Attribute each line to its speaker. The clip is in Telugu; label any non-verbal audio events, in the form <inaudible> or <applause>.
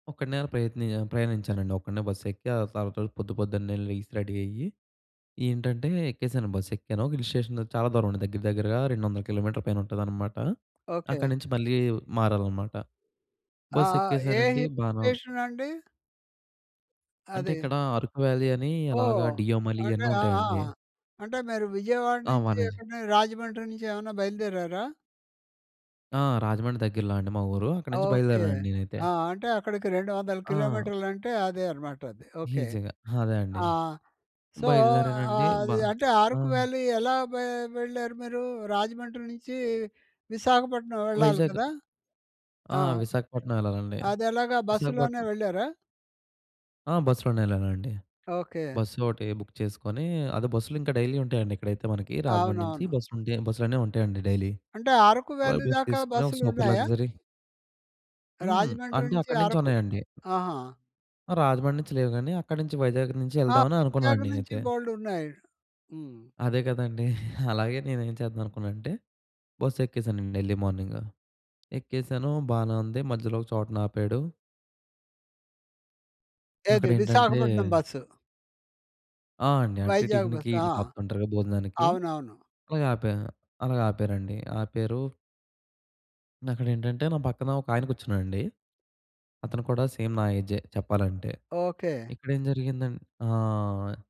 Speaker 1: ఒక్కడినే అలా ప్రయత్నియా ప్రయాణించానండి. ఒక్కడినే బస్ ఎక్కి, ఆ తర్వాత పొద్దు పొద్దున్నే లేసి, రెడీ అయ్యి, ఏంటంటే ఎక్కేశాను, బస్ ఎక్కాను. హిల్ స్టేషన్ చాలా దూరం అండి. దగ్గర దగ్గరగా 200 కి.మీ పైన ఉంటదన్నమాట. అక్కడి
Speaker 2: ఓకే.
Speaker 1: నించి మళ్ళీ మారాలన్నమాట.
Speaker 2: ఆ!
Speaker 1: బస్
Speaker 2: ఆ! ఏ
Speaker 1: ఎక్కేశానండి.
Speaker 2: హిల్
Speaker 1: బానే ఉం
Speaker 2: స్టేషన్ అండి?
Speaker 1: అంటే
Speaker 2: అదే
Speaker 1: ఇక్కడా అరుకు వ్యాలీ అనీ అలాగా
Speaker 2: ఓహ్!
Speaker 1: డియామలి
Speaker 2: అంటే
Speaker 1: ఇయన్నీ
Speaker 2: ఆ! ఆ!
Speaker 1: ఉంటాయండి.
Speaker 2: అంటే మీరు విజయవాడ
Speaker 1: ఆ!
Speaker 2: నుంచి
Speaker 1: వనేజి
Speaker 2: ఎక్కడను రాజమండ్రి నుంచి ఏవన్నా బయలుదేరారా?
Speaker 1: ఆ! రాజమండ్రి దగ్గరలో అండి మా ఊరు. అక్కడి నించి
Speaker 2: ఓకే.
Speaker 1: బయలుదేరానండి నేనైతే.
Speaker 2: ఆ! అంటే అక్కడికి రెండు వందల
Speaker 1: ఆ!
Speaker 2: కిలోమీటర్లు అంటే అదే అనమాట అది. ఓకే.
Speaker 1: ఈజీగా. అదే అండి.
Speaker 2: ఆ! సో
Speaker 1: బయలుదేరానండి.
Speaker 2: ఆహ్,
Speaker 1: బ
Speaker 2: అది అంటే ఆహ్
Speaker 1: ఆ!
Speaker 2: అరకు వ్యాలీ ఎలా వె వెళ్ళారు మీరూ? రాజమండ్రి నుంచీ విశాఖపట్నం వెళ్ళాలి
Speaker 1: వైజాగ్
Speaker 2: కదా?
Speaker 1: ఆ!
Speaker 2: ఆ!
Speaker 1: విశాఖపట్నం ఎళ్ళాలండి,
Speaker 2: అదెలాగా? బస్సులోనే
Speaker 1: విశాఖపట్నం
Speaker 2: వెళ్ళారా?
Speaker 1: ఆ! బస్‌లోనే ఎళ్ళానండి.
Speaker 2: ఓకే.
Speaker 1: బసోటీ బుక్ చేసుకొనీ, అదే బస్‌లు ఇంక డైలీ ఉంటయండి ఇక్కడైతే మనకీ, రాజమండ్రి నించి
Speaker 2: అవునవును.
Speaker 1: బస్‌లు ఉంటే బస్‌లనేయి ఉంటాయండి డైలీ.
Speaker 2: అంటే అరకు
Speaker 1: అలా
Speaker 2: వ్యాలీ
Speaker 1: బస్
Speaker 2: దాకా
Speaker 1: తీసుకొనీ ఒక సూపర్
Speaker 2: బస్సులున్నాయా?
Speaker 1: లగ్జరీ. హ్మ్.
Speaker 2: రాజమండ్రి
Speaker 1: అంటే
Speaker 2: నుంచి
Speaker 1: అక్కడ నుంచి
Speaker 2: అరకు.
Speaker 1: ఉన్నాయండి.
Speaker 2: ఆహా!
Speaker 1: ఆహ్, రాజమండ్రి నుంచి లేవు గానీ, అక్కడి నించి వైజాగ్ నించి
Speaker 2: ఆ!
Speaker 1: ఎళ్దామని
Speaker 2: వైజాగ్
Speaker 1: అనుకున్నానండి
Speaker 2: నుంచి
Speaker 1: నేనైతే.
Speaker 2: బోలెడున్నాయి. హ్మ్.
Speaker 1: అదే కదండీ. <chuckles> అలాగే నేను ఏం చేద్దాం అనుకున్నా అంటే బస్సు ఎక్కేశానండి ఎర్లీ మార్నింగ్. ఎక్కేశాను బానే ఉంది. మధ్యలో ఒక చోటన ఆపాడు.
Speaker 2: ఏది?
Speaker 1: అక్కడ ఏంటంటే?
Speaker 2: విశాఖపట్నం బస్.
Speaker 1: ఆ! అండి. అంటే
Speaker 2: వైజాగ్
Speaker 1: టిఫిన్‌కి
Speaker 2: బస్. ఆ!
Speaker 1: ఈట్లికి ఆపుతుంటారు కదా! భోజనానికి.
Speaker 2: అవునవును.
Speaker 1: అలాగ ఆపా అలాగ ఆపారండి. ఆపారూ. అక్కడ ఏంటంటే నా పక్కన ఒకాయన కూర్చున్నాడండి. అతను కూడా సేమ్ నా ఏజే చెప్పాలంటే.
Speaker 2: ఓకే.
Speaker 1: ఇక్కడ ఏం జరిగిందన్ ఆహ్!